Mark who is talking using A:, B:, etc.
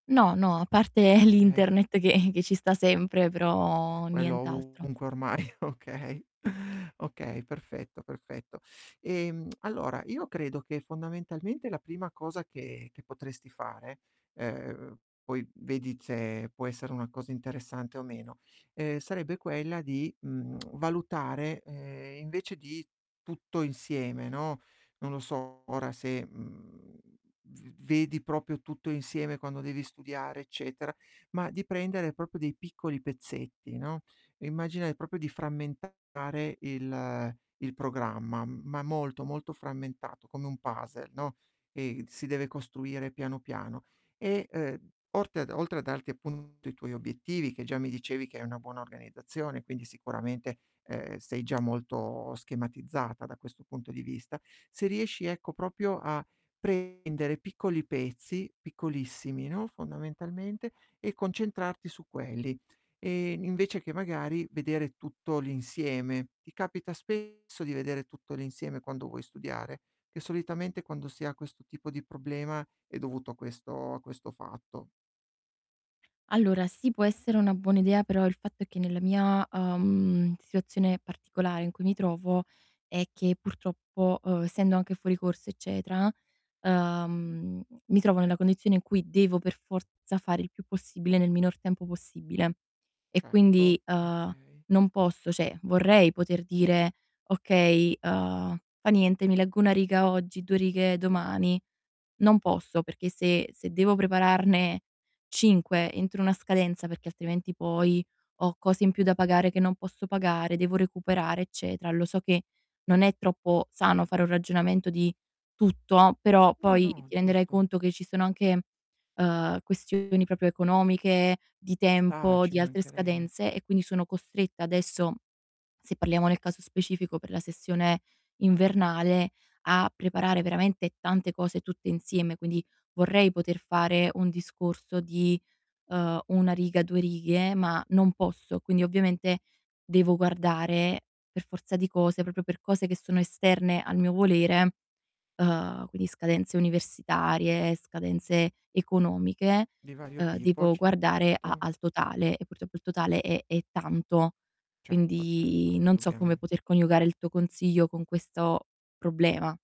A: No, no, a parte
B: Okay.
A: l'internet che che ci sta sempre,
B: Eh,
A: però
B: quello
A: nient'altro.
B: ovunque ormai, okay, okay perfetto, perfetto. Ehm, allora io credo che fondamentalmente la prima cosa che che potresti fare, ehm, poi vedi se può essere una cosa interessante o meno, ehm, sarebbe quella di, mhmm, valutare, ehm, invece di tutto insieme, no, non lo so ora se, mhmm, v vedi proprio tutto insieme quando devi studiare eccetera, ma di prendere proprio dei piccoli pezzetti, no, immagina, ehm, proprio di frammentare il il programma, ma molto, molto frammentato, come un puzzle, no, ehm, si deve costruire piano, piano. E, ehm, orte a d oltre a darti appunto i tuoi obiettivi che già mi dicevi che hai una buona organizzazione, quindi sicuramente, ehm, sei già molto schematizzata da questo punto di vista, se riesci, ecco, proprio a prendere piccoli pezzi, piccolissimi, no, fondamentalmente, e concentrarti su quelli, ehm, invece che magari vedere tutto l'insieme. Ti capita spesso di vedere tutto l'insieme quando vuoi studiare? Che solitamente quando si ha questo tipo di problema è dovuto a questo a questo fatto.
A: Allora sì può essere una buona idea, però il fatto è che nella mia, uhm, situazione particolare in cui mi trovo è che purtroppo, uhm, essendo anche fuori corso eccetera, ehm, mi trovo nella condizione in cui devo per forza fare il più possibile nel minor tempo possibile. E
B: Certo,
A: quindi, uhm,
B: okay.
A: non posso cioè vorrei poter dire: "Okay, uhm, fa niente mi leggo 1 riga oggi, 2 righe domani." Non posso perché se se devo prepararne 5 entro una scadenza perché altrimenti poi ho cose in più da pagare che non posso pagare, devo recuperare eccetera. Lo so che non è troppo sano fare un ragionamento di tutto, però
B: No,
A: poi
B: no,
A: ti renderai
B: giusto.
A: conto che ci sono anche, uhm, questioni proprio economiche, di
B: Ci sta,
A: tempo,
B: ci
A: di altre
B: mancherebbe.
A: scadenze e quindi sono costretta adesso, se parliamo nel caso specifico per la sessione invernale, a preparare veramente tante cose tutte insieme. Quindi vorrei poter fare un discorso di, uhm, 1 riga, 2 righe, ma non posso. Quindi ovviamente devo guardare per forza di cose, proprio per cose che sono esterne al mio volere, uhm, quindi scadenze universitarie, scadenze economiche,
B: Di vario
A: uhm,
B: tipo,
A: devo guardare a
B: certo.
A: al totale, e purtroppo il totale è è tanto.
B: Certo, certo,
A: Quindi
B: no,
A: non so come
B: indubbiamen
A: poter coniugare il tuo consiglio con questo problema.